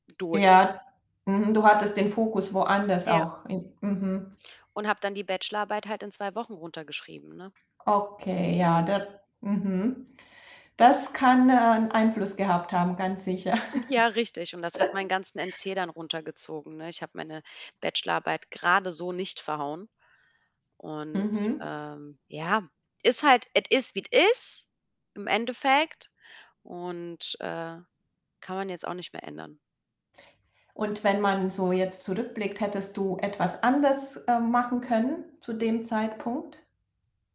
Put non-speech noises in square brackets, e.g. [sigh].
Durch. Ja, mhm. Du hattest den Fokus woanders Ja. auch in Mhm. Und habe dann die Bachelor Arbeit halt in 2 Wochen runtergeschrieben, ne? Okay, ja, Mhm. der Mhm. Das kann, äh, 'n Einfluss gehabt haben, ganz sicher. Hm, ja, richtig. Und das hat meinen [chuckles] ganzen NC dann runtergezogen, ne? Ich habe meine Bachelorarbeit grade so nicht verhauen. Und, Mhm. ähm, ja, ist halt es ist, wie es ist im Endeffekt und, äh, kann man jetzt auch nicht mehr ändern. Und wenn man so jetzt zurückblickt, hättest du etwas anders, ähm, machen können zu dem Zeitpunkt?